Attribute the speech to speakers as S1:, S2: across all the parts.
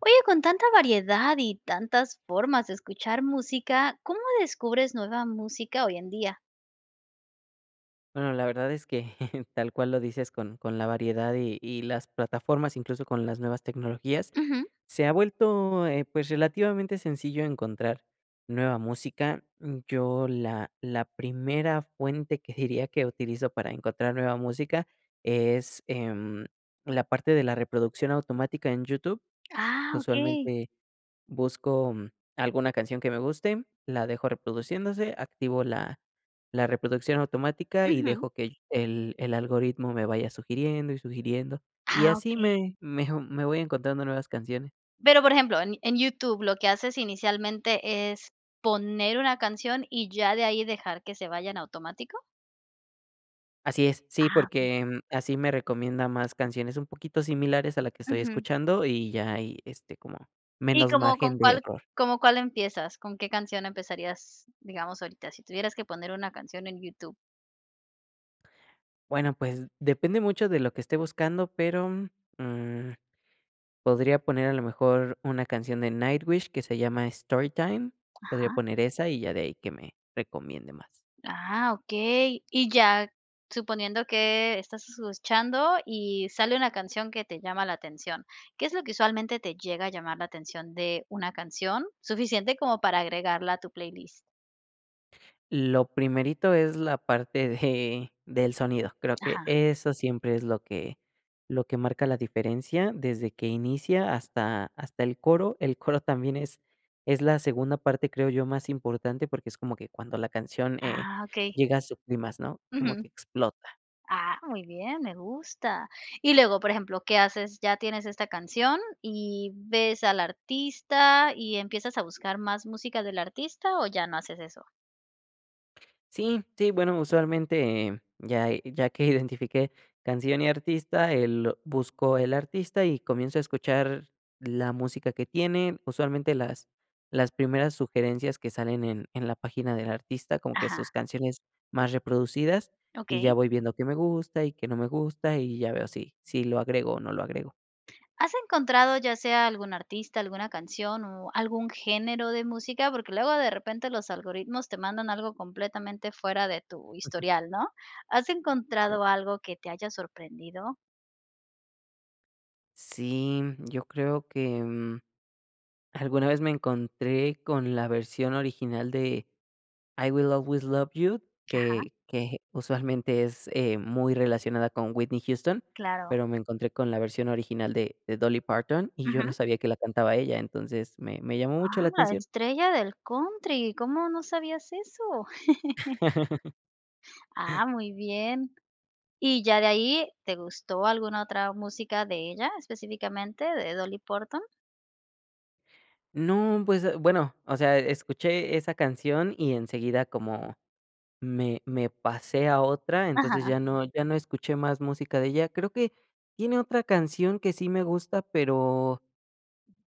S1: Oye, con tanta variedad y tantas formas de escuchar música, ¿cómo descubres nueva música hoy en día?
S2: Bueno, la verdad es que tal cual lo dices, con con la variedad y y las plataformas, incluso con las nuevas tecnologías,
S1: Ujú.
S2: se ha vuelto, eh, pues, relativamente sencillo encontrar nueva música, mm, yo la la primera fuente que diría, que utilizo para encontrar nueva música es, em, la parte de la reproducción automática en YouTube.
S1: Ah, okey.
S2: Usualmente busco, mm, alguna canción que me guste, la dejo reproduciéndose, activo la la reproducción automática y
S1: Ujú.
S2: dejo que el el el algoritmo me vaya sugiriendo y sugiriendo, y
S1: Ah,
S2: así
S1: okey.
S2: me me, oh, me voy encontrando nuevas canciones.
S1: Pero, por ejemplo, en en YouTube lo que haces inicialmente, ¿es poner una canción y ya de ahí dejar que se vaya en automático?
S2: Así es. Sí,
S1: Ah, okey.
S2: porque, mm, así me recomienda más canciones, un poquito similares a la que estoy
S1: Ujú.
S2: escuchando y ya ahí, este, como
S1: ¿Y
S2: menos
S1: cómo
S2: margen
S1: con
S2: de
S1: cuál,
S2: error.
S1: cómo, cuál empiezas? ¿Con qué canción empezarías, digamos, ahorita si tuvieras que poner una canción en YouTube?
S2: Bueno, pues depende mucho de lo que esté buscando, pero, mm, podría poner a lo mejor una canción de Nightwish que se llama Storytime, podría
S1: Ajá.
S2: poner esa y ya de ahí que me recomiende más.
S1: Ah, okey. Y ya, suponiendo que estás escuchando y sale una canción que te llama la atención. ¿Qué es lo que usualmente te llega a llamar la atención de una canción, suficiente como para agregarla a tu playlist?
S2: Lo primerito es la parte de del sonido; creo que
S1: Ajá.
S2: eso siempre es lo que lo que marca la diferencia desde que inicia hasta hasta el coro. El coro también es es la segunda parte, creo yo, más importante porque es como que cuando la canción, eh,
S1: Ah, okey.
S2: llega a su clímax, ¿no? Como que
S1: Ujú.
S2: explota.
S1: Ah, muy bien, me gusta. Y luego, por ejemplo, ¿qué haces? Ya tienes esta canción y ves al artista y, ¿empiezas a buscar más música del artista o ya no haces eso?
S2: Sí, sí, bueno, usualmente, ya ya que identifiqué canción y artista, el buscó el artista y comienzo a escuchar la música que tiene, usualmente las las primeras sugerencias que salen en en la página del artista, como que
S1: Ajá.
S2: sus canciones más reproducidas, y ya
S1: Okey.
S2: voy viendo qué me gusta y qué no me gusta, y ya veo si si lo agrego o no lo agrego.
S1: ¿Has encontrado ya sea algún artista, alguna canción o algún género de música? Porque luego de repente los algoritmos te mandan algo completamente fuera de tu historial, ¿no? ¿Has encontrado algo que te haya sorprendido?
S2: Sí, yo creo que, mm, alguna vez me encontré con la versión original de: "I Will Always Love You",
S1: Ajá.
S2: que que usualmente es, eh, muy relacionada con Whitney Houston,
S1: Claro.
S2: pero me encontré con la versión original de de Dolly Parton y yo no
S1: Ujú.
S2: sabía que la cantaba ella, entonces me me llamó mucho la
S1: Ah, la
S2: atención.
S1: estrella del country, ¿cómo no sabías eso? Ah, muy bien. Y ya de ahí, ¿te gustó alguna otra música de ella específicamente, de Dolly Parton?
S2: No, pues, eh, bueno, o sea, escuché esa canción y enseguida como me me pasé a otra, entonces
S1: Ajá.
S2: ya no ya no escuché más música de ella. Creo que tiene otra canción que sí me gusta, pero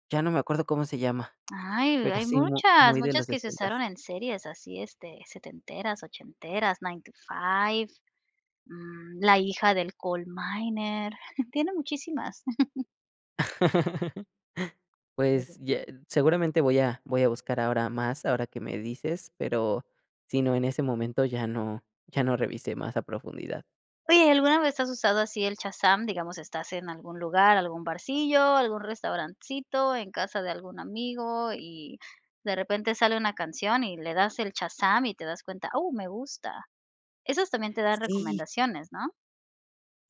S2: ya no me acuerdo cómo se llama,
S1: Ay,
S2: pero,
S1: hay
S2: sí mu
S1: muchas,
S2: muy de los
S1: muchas que se
S2: sesentas.
S1: usaron en series así, este, setenteras, ochenteras, Nine to Five, mm, la hija del Coal Miner, tiene muchísimas.
S2: Pues,
S1: [unintelligible]
S2: ya seguramente voy a voy a buscar ahora más ahora que me dices, pero si no, en ese momento ya no ya no revisé más a profundidad.
S1: Oye ¿alguna vez has usado así el Shazam? Digamos estás en algún lugar, algún barcillo, algún restaurancito, en casa de algún amigo y de repente sale una canción y le das el Shazam y te das cuenta: "Ah, me gusta", esas también te dan
S2: Sí.
S1: recomendaciones, ¿no?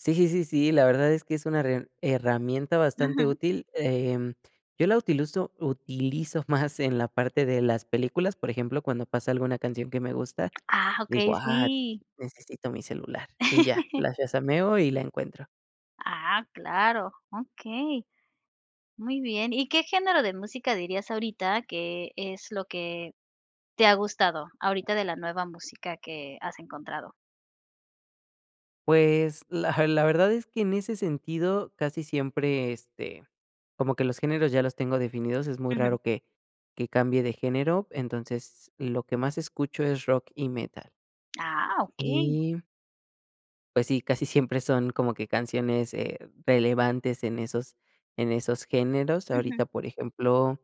S2: Sí, sí, sí, si, la verdad es que es una herram herramienta bastante
S1: Ujú.
S2: útil. Em. Yo la utiluzo utilizo más en la parte de las películas. Por ejemplo, cuando pasa alguna canción que me gusta,
S1: Ah,
S2: digo:
S1: okey,
S2: "Ah,
S1: sí.
S2: necesito mi celular". Y ya, las shazameo y la encuentro.
S1: Ah, claro, okey. Muy bien ¿y qué género de música dirías ahorita que es lo que te ha gustado ahorita de la nueva música que has encontrado?
S2: Pues, la la verdad es que en ese sentido casi siempre, este, como que los géneros ya los tengo definidos, es muy
S1: Ujú.
S2: raro que que cambie de género, entonces lo que más escucho es rock y metal.
S1: Ah, okey.
S2: Y Pues sí, casi siempre son como que canciones, eh, relevantes en esos en esos géneros,
S1: Ujú.
S2: ahorita, por ejemplo,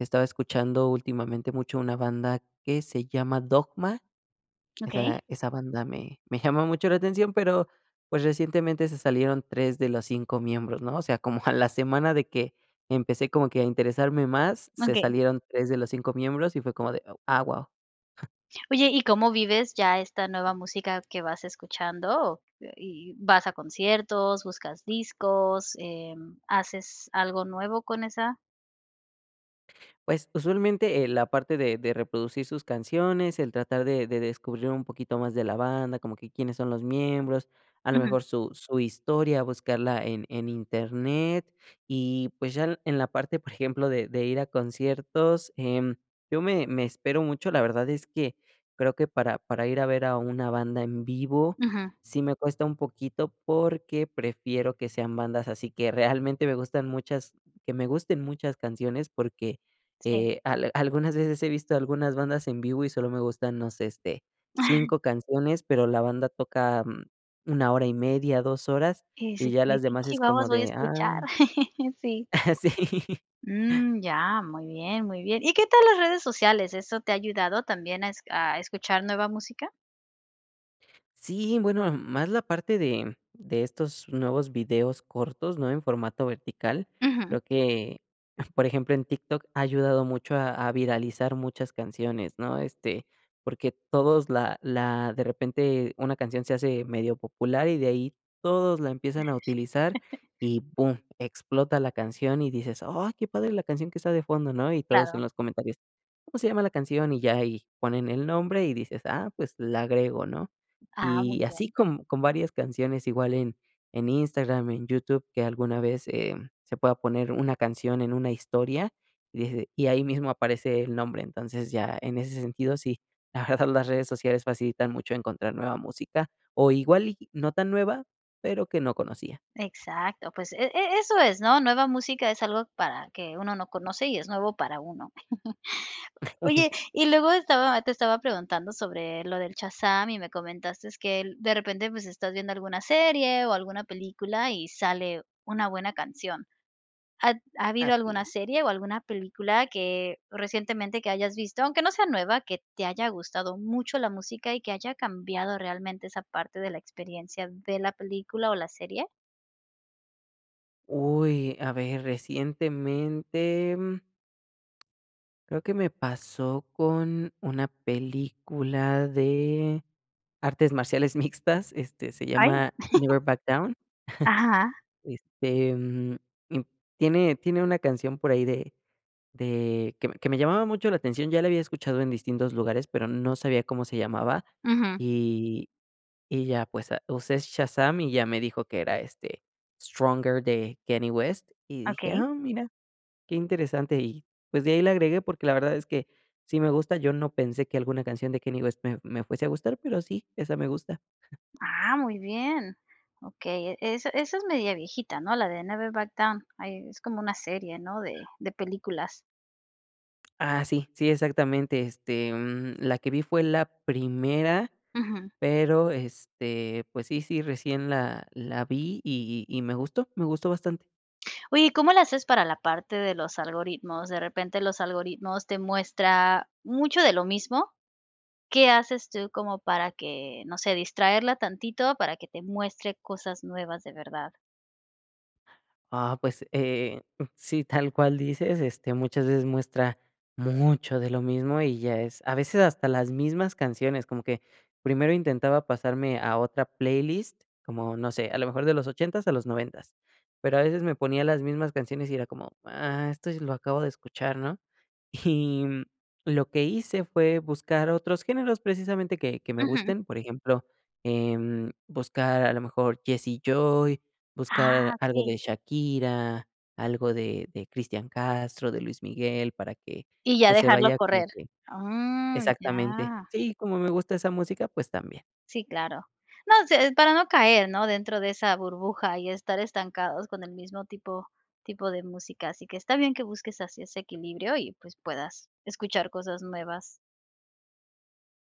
S2: estaba escuchando últimamente mucho una banda que se llama Dogma. Esa
S1: Okey.
S2: esa banda me me llamó mucho la atención, pero, pues, recientemente se salieron 3 de los 5 miembros, ¿no? O sea, como a la semana de que empecé como que a interesarme más, se
S1: Okey.
S2: salieron 3 de los 5 miembros y fue como de, ah, guau.
S1: Oye ¿y cómo vives ya esta nueva música que vas escuchando? ¿O y y vas a conciertos, buscas discos, eh, mm, haces algo nuevo con esa?
S2: Pues, usualmente, eh, la parte de de reproducir sus canciones, el tratar de de descubrir un poquito más de la banda, como que quiénes son los miembros, a lo
S1: Ujú.
S2: mejor su su historia, buscarla en en internet y, pues, ya en la parte, por ejemplo, de de ir a conciertos, em, yo me me espero mucho. La verdad es que creo que para para ir a ver a una banda en vivo
S1: Ujú.
S2: sí me cuesta un poquito, porque prefiero que sean bandas así que realmente me gustan muchas que me gusten muchas canciones, porque,
S1: Sí.
S2: eh, algunas veces he visto algunas bandas en vivo y solo me gustan, no sé, este, 5 canciones, pero la banda toca 1 hora y media, 2 horas,
S1: Que
S2: y
S1: sí,
S2: ya las
S1: que
S2: demás es como
S1: chihuahuas voy a
S2: de,
S1: escuchar.
S2: ah
S1: Sí.
S2: Sí.
S1: Mm, ya, muy bien, muy bien. ¿Y qué tal las redes sociales? ¿Eso te ha ayudado también a esc a escuchar nueva música?
S2: Sí, bueno, más la parte de de estos nuevos videos cortos, ¿no? En formato vertical,
S1: Ujú.
S2: creo que, por ejemplo, en TikTok ha ayudado mucho a a viralizar muchas canciones, ¿no? Este, porque todos la la de repente una canción se hace medio popular y de ahí todos la empiezan a utilizar y boom explota la canción y dices: "Ay, qué padre la canción que está de fondo", ¿no? Y todos en
S1: Claro.
S2: los comentarios, ¿cómo se llama la canción? Y ya ahí ponen el nombre y dices: "Ah, pues la agrego", ¿no?
S1: Ah, muy
S2: Y
S1: bien.
S2: así con con varias canciones, igual en en en Instagram, en YouTube, que alguna vez, eh, se pueda poner una canción en una historia, y des y ahí mismo aparece el nombre. Entonces, ya, en ese sentido, sí. La verdad, las redes sociales facilitan mucho encontrar nueva música, o igual y no tan nueva, pero que no conocía.
S1: Exacto, pues e e eso es, ¿no? Nueva música es algo para que uno no conoce y es nuevo para uno. Oye, y luego estaba te estaba preguntando sobre lo del Shazam y me comentaste que de repente, pues, estás viendo alguna serie o alguna película y sale una buena canción. ¿Ha habido
S2: Así
S1: alguna
S2: es.
S1: serie o alguna película que recientemente que hayas visto? Aunque no sea nueva, ¿qué te haya gustado mucho la música y que haya cambiado realmente esa parte de la experiencia de la película o la serie?
S2: Uy, a ver, recientemente, mm creo que me pasó con una película de artes marciales mixtas, este, se
S1: ¡Ay!
S2: llama Never Back Down.
S1: Ajá.
S2: Este, mm, im tiene tiene una canción por ahí de de que me que me llamaba mucho la atención. Ya la había escuchado en distintos lugares, pero no sabía cómo se llamaba
S1: Ujú.
S2: y y ya, pues, ah, usé Shazam y ya me dijo que era, este, Stronger de Kanye West y dije:
S1: Okey.
S2: "Ah, mira, qué interesante", y pues, de ahí la agregué, porque la verdad es que sí me gusta, yo no pensé que alguna canción de Kanye West me me fuese a gustar, pero sí, esa me gusta.
S1: Ah, muy bien. Okey, e esa esa es media viejita, ¿no? La de Never Back Down, ay, es como una serie, ¿no?, de de películas.
S2: Ah, sí, sí, exactamente, este, mm, la que vi fue la primera,
S1: Ujú.
S2: pero, este, pues sí sí, recién la la vi y y me gustó me gustó bastante.
S1: Oye, ¿y cómo le haces para la parte de los algoritmos? De repente los algoritmos te muestra mucho de lo mismo, ¿qué haces tú como para que, no sé, distraerla tantito para que te muestre cosas nuevas de verdad?
S2: Ah, pues, eh, sí, tal cual dices, este, muchas veces muestra mucho de lo mismo, y ya es a veces hasta las mismas canciones. Como que primero intentaba pasarme a otra playlist, como, no sé, a lo mejor de los ochentas a los noventas, pero, a veces me ponía las mismas canciones, y era como, ah, esto sí lo acabo de escuchar, ¿no? Y, mm, lo que hice fue buscar otros géneros, precisamente que que me
S1: Ujú.
S2: gusten, por ejemplo, em, buscar a lo mejor Jesse y Joy,
S1: Ah,
S2: buscar algo
S1: okey.
S2: de Shakira, algo de de Cristian Castro, de Luis Miguel, para que,
S1: Y ya
S2: pues, se
S1: dejarlo
S2: vaya como
S1: correr.
S2: que
S1: Oh, mm,
S2: exactamente,
S1: ya.
S2: sí, como me gusta esa música, pues, también.
S1: Sí, claro. No sé, es para no caer, ¿no? Dentro de esa burbuja y estar estancados con el mismo tipo tipo de música, así que está bien, que busques así ese equilibrio y, pues, puedas escuchar cosas nuevas.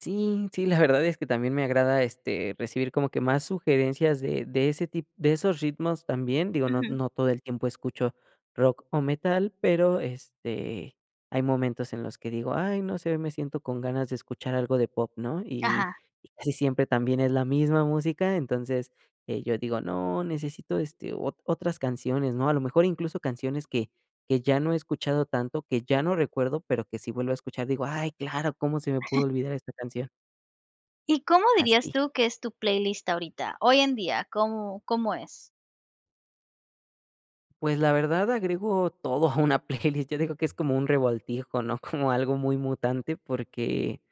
S2: Sí, sí, la verdad es que también me agrada, este, recibir como que más sugerencias de de ese tip de esos ritmos. También digo, no
S1: Ujú.
S2: no todo el tiempo escucho rock o metal, pero, este, hay momentos en los que digo: "Ay, no sé, hoy me siento con ganas de escuchar algo de pop", ¿no? Y
S1: Ajá.
S2: y casi siempre también es la misma música, entonces, eh, yo digo: "No, necesito, este, o otras canciones, ¿no?". A lo mejor incluso canciones que que ya no he escuchado tanto, que ya no recuerdo, pero, que si vuelvo a escuchar, digo: "Ay, claro, ¿cómo se me pudo olvidar esta canción?".
S1: ¿Y cómo dirías
S2: Así.
S1: tú que es tu playlist ahorita? Hoy en día, ¿cómo cómo es?
S2: Pues, la verdad agrego todo a una playlist, yo digo que es como un revoltijo, ¿no? Como algo muy mutante, porque,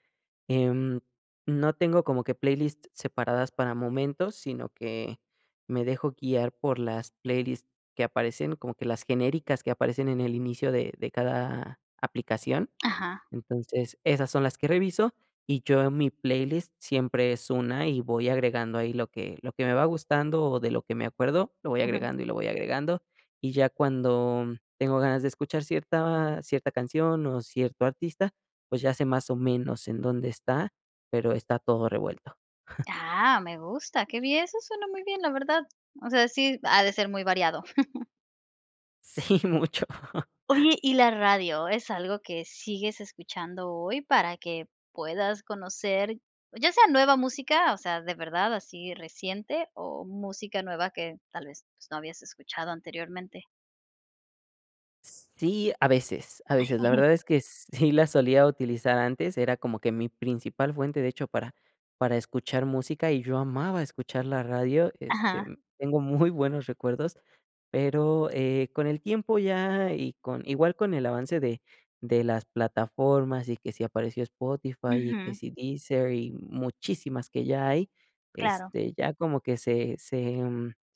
S2: em, no tengo como que playlist separadas para momentos, sino, que me dejo guiar por las playlist que aparecen, como que las genéricas que aparecen en el inicio de de cada aplicación.
S1: Aja.
S2: Entonces, esas son las que reviso, y yo en mi playlist siempre es una, y voy agregando ahí lo que lo que me va gustando, o de lo que me acuerdo, lo voy
S1: Ujú.
S2: agregando y lo voy agregando. Y ya cuando tengo ganas de escuchar cierta cierta canción, o cierto artista, pues, ya sé, más o menos, en dónde está, pero, está todo revuelto.
S1: Ah, me gusta, qué bien, eso suena muy bien, la verdad. O sea, sí ha de ser muy variado.
S2: Sí, mucho.
S1: Oye, ¿y la radio es algo que sigues escuchando hoy, para que puedas conocer, ya sea nueva música, o sea, de verdad así reciente, o música nueva que tal vez, pues, no habías escuchado anteriormente?
S2: Sí, a veces, a
S1: Ay,
S2: veces, la verdad es que sí la solía utilizar antes, era como que mi principal fuente, de hecho, para para escuchar música y yo amaba escuchar la radio, este,
S1: Aja
S2: tengo muy buenos recuerdos, pero, eh, con el tiempo ya y con igual con el avance de de las plataformas y que si apareció Spotify y que
S1: Uju
S2: si Deezer y muchísimas que ya hay,
S1: Claro.
S2: este, ya como que se se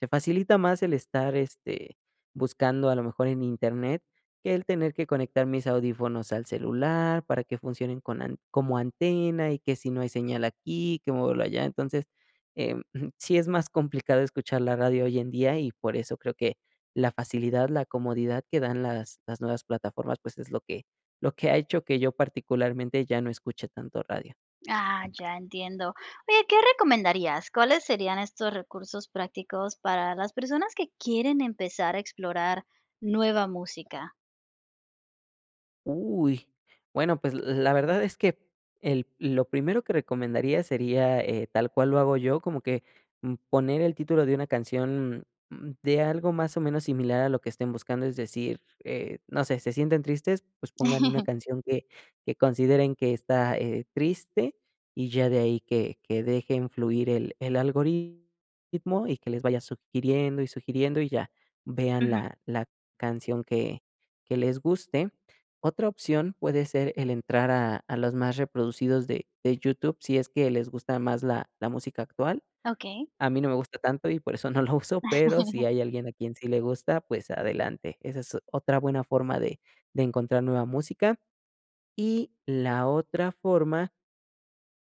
S2: se facilita más el estar, este, buscando a lo mejor en Internet que el tener que conectar mis audífonos al celular para que funcionen con an como antena y que si no hay señal aquí, que muévalo allá. Entonces, em, sí es más complicado escuchar la radio hoy en día y por eso creo que la facilidad, la comodidad que dan las las nuevas plataformas, pues es lo que lo que ha hecho que yo particularmente ya no escuche tanto radio.
S1: Ah, ya entiendo. Oye, ¿qué recomendarías? ¿Cuáles serían estos recursos prácticos para las personas que quieren empezar a explorar nueva música?
S2: Uy, bueno, pues, la verdad es que el lo primero que recomendaría sería, eh, tal cual lo hago yo, como que, mm, poner el título de una canción, mm, de algo más o menos similar a lo que estén buscando, es decir, eh, no sé, se sienten tristes, pues pongan una canción que que consideren que está eh, triste y ya de ahí, que que dejen fluir el el algoritmo y que les vaya sugiriendo y sugiriendo y ya vean
S1: Ujú.
S2: la la canción que que les guste. Otra opción, puede ser el entrar a a los más reproducidos de de YouTube, si es que les gusta más la la música actual.
S1: Okey.
S2: A mí no me gusta tanto y por eso no lo uso, pero, si hay alguien a quien sí le gusta, pues adelante, esa es otra buena forma de de encontrar nueva música. Y la otra forma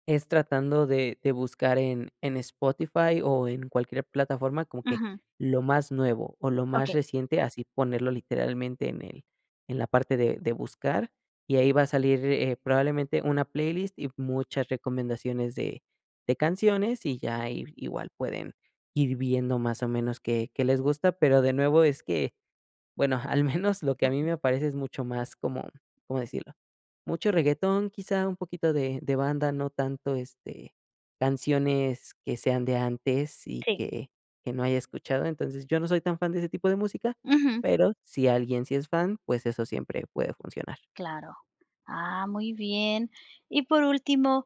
S2: es tratando de de buscar en en Spotify o en cualquier plataforma como que
S1: Ujú.
S2: lo más nuevo o lo más
S1: Okey.
S2: reciente, así ponerlo literalmente en el en la parte de de buscar, y ahí va a salir, eh, probablemente una playlist y muchas recomendaciones de de canciones, y ya ahí igual pueden ir viendo más o menos qué qué les gusta. Pero, de nuevo es que, bueno, al menos lo que a mí
S1: Ujú.
S2: me aparece es mucho más como, ¿cómo decirlo?, mucho reguetón, quizá un poquito de de banda, no tanto, este, canciones que sean de antes y
S1: Sí.
S2: que que no haya escuchado. Entonces, yo no soy tan fan de ese tipo de música,
S1: Ujú.
S2: pero si alguien sí es fan, pues, eso siempre puede funcionar.
S1: Claro, ah, muy bien. Y por último,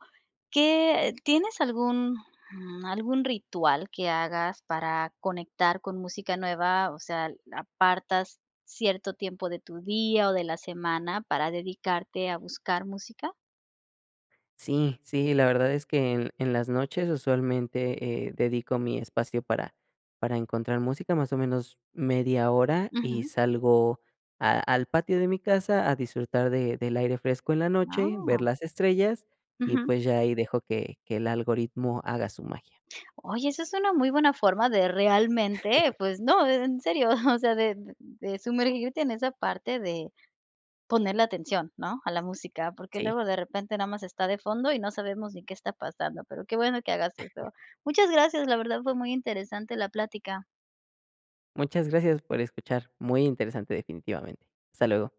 S1: ¿qué, eh, tienes algún, mm, algún ritual que hagas para conectar con música nueva? O sea, ah, ¿apartas cierto tiempo de tu día o de la semana para dedicarte a buscar música?
S2: Sí, sí, la verdad es que en en las noches, usualmente, eh, dedico mi espacio para para encontrar música, más o menos media hora, y
S1: Ujú.
S2: salgo a al patio de mi casa a disfrutar de del aire fresco en la noche, ver
S1: Ah.
S2: las estrellas, y
S1: Ujú.
S2: pues, ya ahí dejo que que el algoritmo haga su magia.
S1: Oye, esa es una muy buena forma de realmente, pues no, en serio, o sea, de d de sumergirte en esa parte de ponerle atención, ¿no? A la música, porque,
S2: Sí.
S1: luego de repente nada más está de fondo y no sabemos ni qué está pasando, pero, qué bueno que hagas eso. Muchas gracias, la verdad fue muy interesante la plática.
S2: Muchas gracias por escuchar. Muy interesante definitivamente, hasta luego.